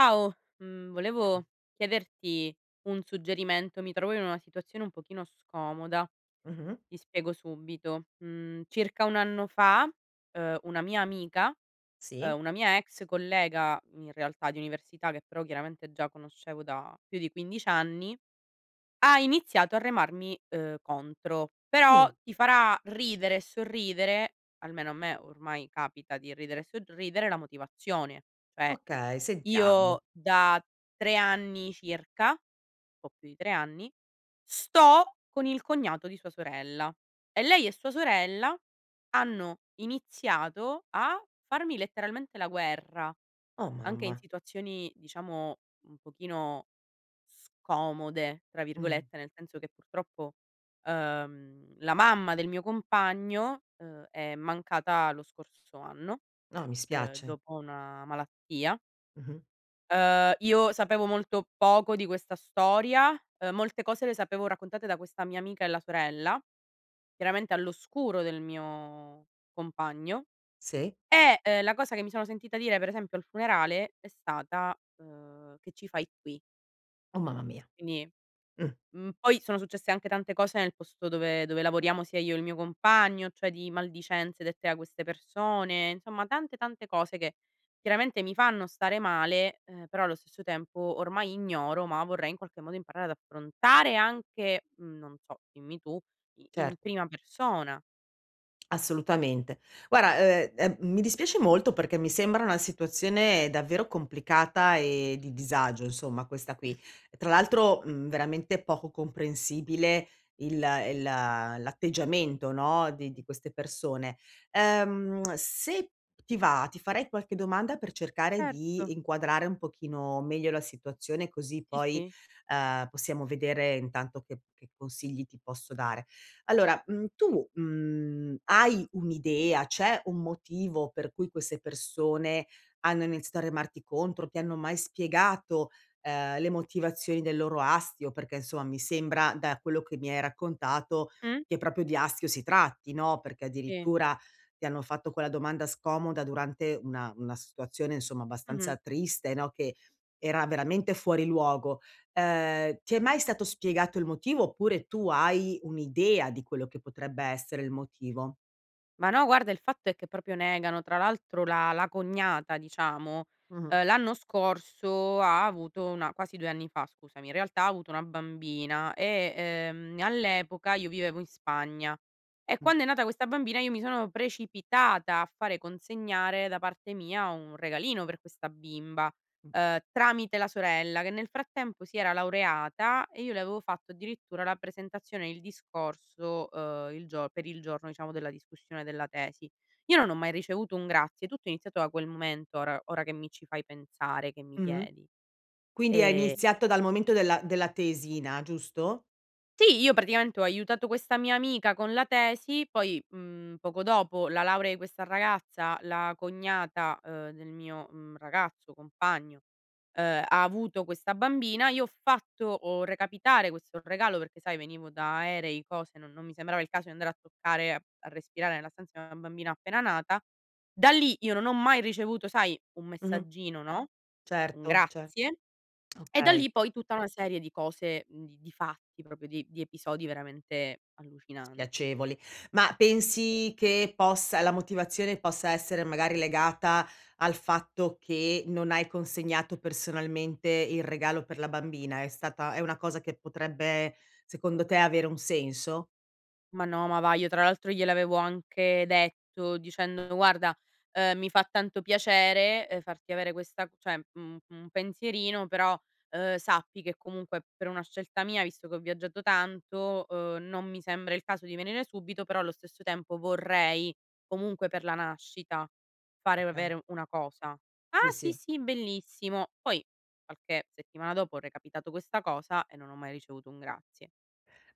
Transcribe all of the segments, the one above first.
Ciao, mhmm, volevo chiederti un suggerimento. Mi trovo in una situazione un pochino scomoda. Mh-mh. Ti spiego subito: mhmm, circa 1 anno fa, uhm, una mia amica Sì. uhm, una mia ex collega in realtà, di università che però chiaramente già conoscevo da più di 15 anni, ha iniziato a remarmi, uhm, contro; Mh. però ti farà ridere e sorridere, almeno a me ormai capita di ridere e sorridere la motivazione: cioè Ok, sentiamo. io da 3 anni circa po' più di 3 anni, sto con il cognato di sua sorella, e lei e sua sorella hanno iniziato a farmi letteralmente la guerra, Oh, anche in mamma! situazioni, diciamo un pochino "scomode" tra Mh. virgolette, nel senso che purtroppo, uhm, la mamma del mio compagno, uhm, è mancata lo scorso anno, No, mi uhm, spiace. dopo una malattia. Mh-mh. Uhm, io sapevo molto poco di questa storia. Uhm, molte cose le sapevo raccontate da questa mia amica e la sorella; chiaramente all'oscuro del mio compagno. Sì. E e la cosa che mi sono sentita dire per esempio al funerale è stata, uhm: "Che ci fai qui?". Oh, mamma mia. Quindi, Mh. mhmm, poi sono successe anche tante cose nel posto dove dove lavoriamo sia io e il mio compagno, cioè di maldicenze dette da queste persone. Insomma, tante, tante cose che chiaramente mi fanno stare male, eh, però allo stesso tempo ormai ignoro, ma vorrei in qualche modo imparare ad affrontare anche non so, dimmi tu, i in Certo. prima persona. Assolutamente. Guarda, uhm, ehm, mi dispiace molto perché mi sembra una situazione davvero complicata e di disagio insomma questa qui, tra l'altro, mhmm, veramente poco comprensibile il il l'atteggiamento no di di queste persone. Ehm, se ti va, ti farei qualche domanda per cercare di Certo. inquadrare un pochino meglio la situazione così Sì, poi, sì. uhm, possiamo vedere intanto che che consigli ti posso dare. Allora, mhmm, tu, mhmm, hai un'idea, c'è un motivo per cui queste persone hanno iniziato a remarti contro, ti hanno mai spiegato, ehm, le motivazioni del loro astio, perché insomma mi sembra da quello che mi hai raccontato, Mh. che proprio di astio si tratti, no. Perché Sì. addirittura, ti hanno fatto quella domanda scomoda durante una una situazione insomma abbastanza Mh-mh. triste, no, che, era veramente fuori luogo. Ehm, ti è mai stato spiegato il motivo oppure tu hai un'idea di quello che potrebbe essere il motivo? Ma no, guarda il fatto è che proprio negano, tra l'altro la la cognata, diciamo, Mh-mh. uhm, l'anno scorso ha avuto una quasi 2 anni fa, scusami, in realtà ha avuto una bambina e, ehm, all'epoca io vivevo in Spagna; e Mh. quando è nata questa bambina io mi sono precipitata a fare consegnare da parte mia un regalino per questa bimba, Mh. uhm, tramite la sorella, che nel frattempo si era laureata e io le avevo fatto addirittura la presentazione, il discorso, uhm, il gio per il giorno, diciamo, della discussione della tesi. Io non ho mai ricevuto un grazie, tutto è iniziato da quel momento, ora ora che mi ci fai pensare, che mi Mh-mh. chiedi. Quindi ha Ehm iniziato dal momento della della tesina, giusto? Sì, io praticamente ho aiutato questa mia amica con la tesi, poi, mhmm, poco dopo la laurea i questa ragazza, la cognata, uhm, del mio, mhmm, ragazzo, compagno, uhm, ha avuto questa bambina. Io ho fatto, ho recapitare questo regalo perché sai, venivo da aerei, cose, non non mi sembrava il caso di andare a toccare, a a respirare nella stanza una bambina appena nata. Da lì io non ho mai ricevuto, sai, un Mh-mh. messaggino, no? Un Certo, ce grazie. E da okay. lì poi tutta una serie di cose, mhmm, di di fatti, proprio di di episodi veramente allucinanti. Spiacevoli. Ma pensi che possa la motivazione possa essere magari legata al fatto che non hai consegnato personalmente il regalo per la bambina, è stata è una cosa che potrebbe, secondo te, avere un senso? Ma no, ma va, io tra l'altro gliel'avevo anche detto dicendo: "Guarda, ehm, mi fa tanto piacere, ehm, farti avere questa cioè un un pensierino, però, ehm, sappi che comunque per una scelta mia, visto che ho viaggiato tanto, uhm, non mi sembra il caso di venire subito, però allo stesso tempo vorrei comunque per la nascita fare [unintelligible] avere una cosa." Sì, "Ah, sì, sì. sì, bellissimo." Poi qualche settimana dopo ho recapitato questa cosa e non ho mai ricevuto un grazie.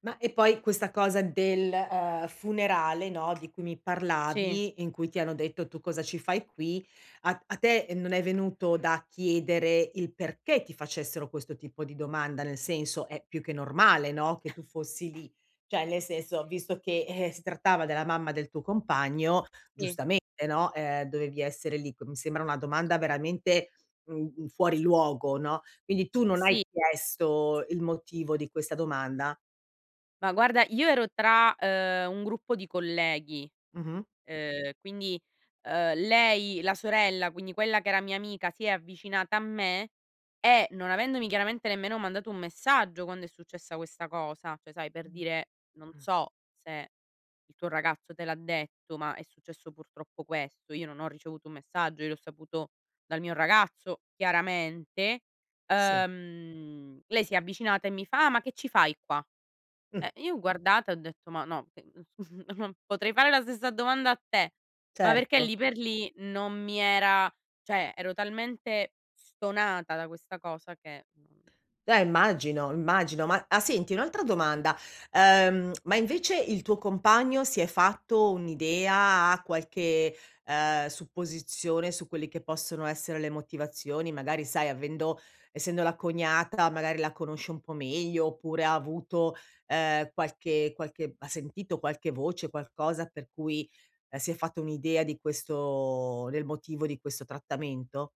Ma e poi questa cosa del, uhm, funerale no, di cui mi Sì. parlavi, in cui ti hanno detto: "Tu cosa ci fai qui", a a te non è venuto da chiedere il perché ti facessero questo tipo di domanda, nel senso, è più che normale no, che tu fossi lì; cioè nel senso, visto che, eh, si trattava della mamma del tuo compagno, Sì. giustamente no, ehm, dovevi essere lì. C mi sembra una domanda veramente, uhm, fuori luogo, no. Quindi S tu non hai sì. chiesto il motivo di questa domanda? Ma guarda, io ero tra, uhm, un gruppo di colleghi, Mh-mh. uhm, quindi, ehm, lei, la sorella, quindi quella che era mia amica si è avvicinata a me e non avendomi chiaramente nemmeno mandato un messaggio quando è successa questa cosa, cioè sai, per Mh. dire: "Non Mh. so se il tuo ragazzo te l'ha detto, ma è successo purtroppo questo". Io non ho ricevuto un messaggio. Io l'ho saputo dal mio ragazzo chiaramente. Sì. Uhm, lei si è avvicinata e mi fa: "Ah ma che ci fai qua?" Mh. Eh, io ho guardata e ho detto: "Ma no, che mhmm, non potrei fare la stessa domanda a te". Ma perché Certo. lì per lì non mi era cioè ero talmente stonata da questa cosa che non Eh immagino, immagino. Ma a senti un'altra domanda: uhm, ma invece il tuo compagno si è fatto un'idea, ha qualche, ehm, supposizione su quelli che possono essere le motivazioni? Magari sai, avendo essendo la cognata magari la conosce un po' meglio oppure ha avuto, ehm, qualche qualche ha sentito qualche voce, qualcosa per cui, ehm, si è fatta un'idea di questo del motivo di questo trattamento?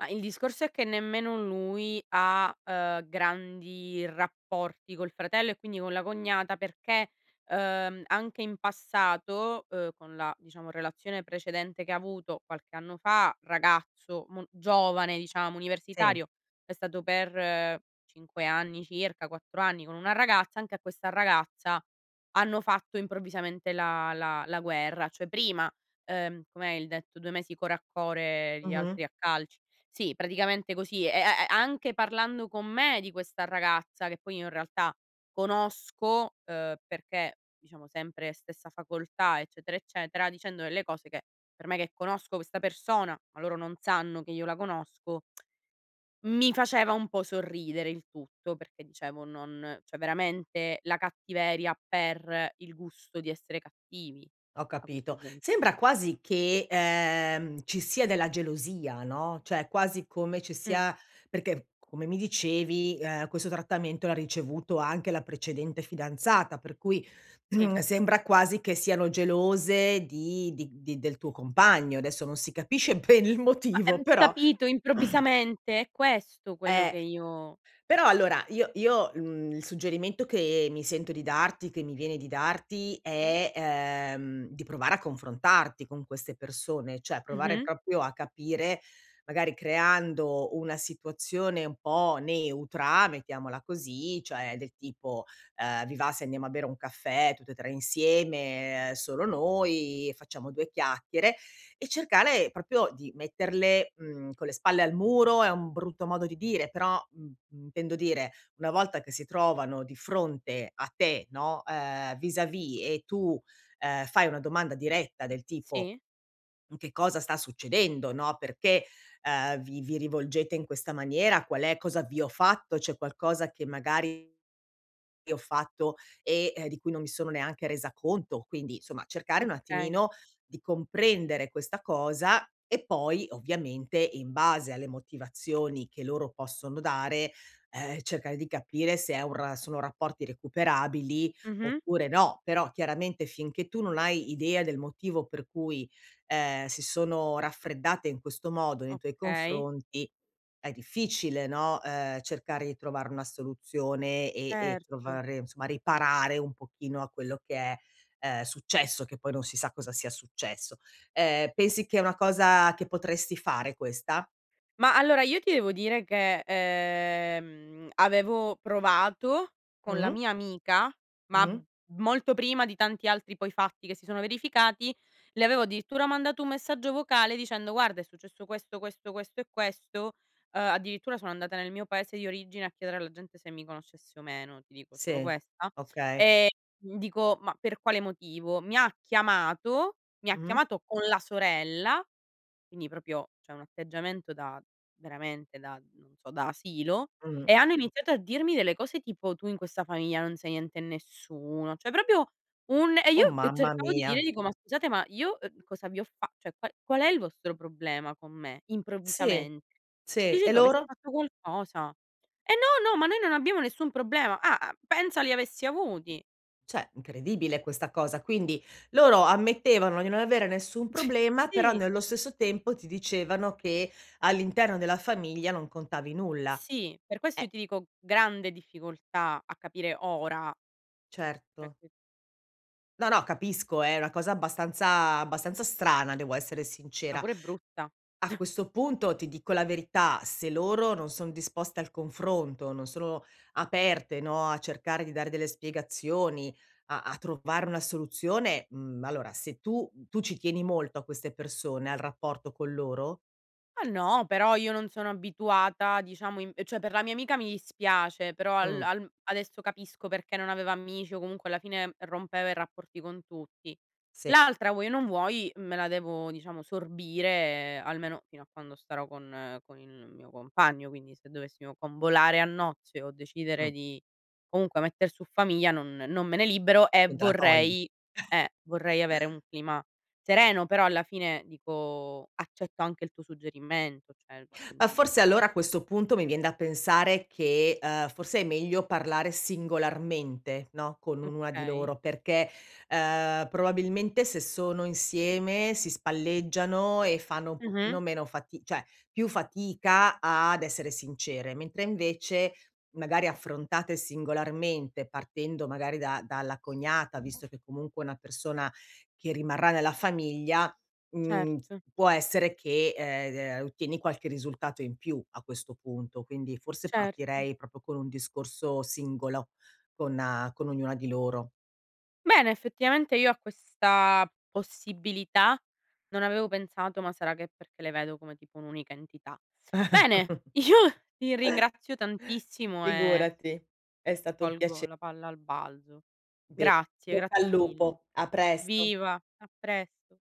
Ma, il discorso è che nemmeno lui ha, uhm, grandi rapporti col fratello e quindi con la cognata. Perché, uhm, anche in passato, uhm, con la, diciamo, relazione precedente che ha avuto qualche anno fa, ragazzo mo giovane, diciamo Sì. universitario, è stato per 5 anni circa, 4 anni con una ragazza, anche a questa ragazza, hanno fatto improvvisamente la la la guerra, cioè prima, uhm, com'è il detto: "2 mesi core a core, gli Mh-mh. altri a calci". Sì, praticamente così e e e anche parlando con me, di questa ragazza che poi io in realtà, conosco, uhm perché, diciamo sempre stessa facoltà, eccetera, eccetera, dicendo delle cose che, per me che conosco questa persona, ma loro non sanno che io la conosco, mi faceva un po' sorridere il tutto, perché dicevo, non cioè veramente la cattiveria per il gusto di essere cattivi Ho a questo capito, punto. sembra quasi che, ehm, ci sia della gelosia, no, cioè quasi come ci Mh. sia perché, come mi dicevi, ehm, questo trattamento l'ha ricevuto anche la precedente fidanzata, per cui, Sì. sembra quasi che siano gelose di di di del tuo compagno, adesso non si capisce bene il Ma motivo, ehm, però capito, improvvisamente è questo quello che Eh. io Però allora io io, uhm, il suggerimento che mi sento di darti che mi viene di darti Sì. è, ehm, di provare a confrontarti con queste persone, cioè provare Mh-mh. proprio a capire, magari creando una situazione un po' neutra, mettiamola così, cioè del tipo, ehm: "Vi va se andiamo a bere un caffè, tutte e tre insieme, solo noi, facciamo due chiacchiere" e cercare proprio di metterle, mhmm, con le spalle al muro, è un brutto modo di dire, però, mhmm, mhmm, intendo dire, una volta che si trovano di fronte a te, no, eh vis a vis e tu, ehm, fai una domanda diretta del tipo: Sì. "Che cosa sta succedendo?", no, "Perché, uhm, vi vi rivolgete in questa maniera, qual è cosa vi ho fatto, c'è qualcosa che magari che ho fatto, e, ehm, di cui non mi sono neanche resa conto", quindi insomma cercare un Okay. attimino di comprendere questa cosa, e poi ovviamente in base alle motivazioni, che loro possono dare, ehm, cercare di capire se è un ra sono rapporti recuperabili, Mh-mh. oppure no. Però chiaramente finché tu non hai idea del motivo per cui, ehm, si sono raffreddate in questo modo nei tuoi Okay. confronti, è difficile, no, uhm, cercare di trovare una soluzione e e Erto. trovare insomma riparare un pochino a quello che è, ehm, successo, che poi non si sa cosa sia successo. Ehm, pensi che è una cosa che potresti fare, questa? Ma allora io ti devo dire che, ehm, avevo provato con la Mh. mia amica, ma Mh-mh. molto prima di tanti altri poi fatti che si sono verificati, le avevo addirittura mandato un messaggio vocale dicendo: "Guarda, è successo questo, questo, questo e questo", ehm, addirittura sono andata nel mio paese di origine a chiedere alla gente se mi conoscesse o meno, ti dico solo Sì, questa. okay. Ehm, dico ma per quale motivo: mi ha chiamato mi ha Mh-mh. chiamato con la sorella, quindi proprio cioè un atteggiamento da veramente da, non so, da asilo, Mh. e hanno iniziato a dirmi delle cose tipo: "Tu in questa famiglia non sei niente e nessuno"; cioè proprio un e Oh, io e mamma cercavo di dire mia. dico: "Ma scusate, ma io, ehm, cosa vi ho fa cioè qua qual è il vostro problema con me, Sì, improvvisamente?" sì, Dici e tu: "Avessi loro? fatto qualcosa." "Eh, no, no, ma noi non abbiamo nessun problema". Ah, uhm, pensa li avessi avuti. Cioè incredibile questa cosa. Quindi loro ammettevano di non avere nessun problema, però Sì. nello stesso tempo ti dicevano che all'interno della famiglia non contavi nulla. Sì, per questo io Eh. ti dico grande difficoltà a capire ora. Certo. [unintelligible] No, no, capisco, è una cosa abbastanza abbastanza strana, devo essere Ma sincera. pure brutta. A questo punto ti dico la verità, se loro non sono disposte al confronto, non sono aperte, no, a cercare di dare delle spiegazioni, a a trovare una soluzione, mhmm, allora se tu, mhmm tu ci tieni molto a queste persone, al rapporto con loro? Ma no, però io non sono abituata, diciamo imp cioè per la mia amica mi dispiace, però al Mh. al adesso capisco perché non aveva amici o comunque alla fine rompeva i rapporti con tutti. Sì. L'altra vuoi o non vuoi me la devo, diciamo, sorbire almeno fino a quando starò con con il mio compagno. Quindi se dovessimo convolare a nozze o decidere Mh. di comunque metter su famiglia non non me ne libero e Non te la togli. vorrei eh, vorrei avere un clima sereno. Però alla fine dico accetto anche il tuo suggerimento, cioè, Ma mhmm forse allora a questo punto mi vien da pensare che, ehm, forse è meglio parlare singolarmente, no, con ognuna di Okay. loro, perché, ehm, probabilmente se sono insieme si spalleggiano e fanno un Mh-mh. pochino meno fati cioè, più fatica ad essere sincere, mentre invece, magari affrontate singolarmente partendo magari da dalla cognata, visto che comunque è una persona che rimarrà nella famiglia, mhmm, Certo. può essere che, ehm ehm, ottieni qualche risultato in più a questo punto. Quindi forse Certo. partirei proprio con un discorso singolo, con a con ognuna di loro. Bene, effettivamente io a questa possibilità non avevo pensato, ma sarà che perché le vedo come tipo un'unica entità. Bene, io ti ringrazio tantissimo e Figurati. È stato un piace colgo la palla al balzo. Be in Grazie. bocca al Grazie mille. lupo. A presto. Viva. A presto.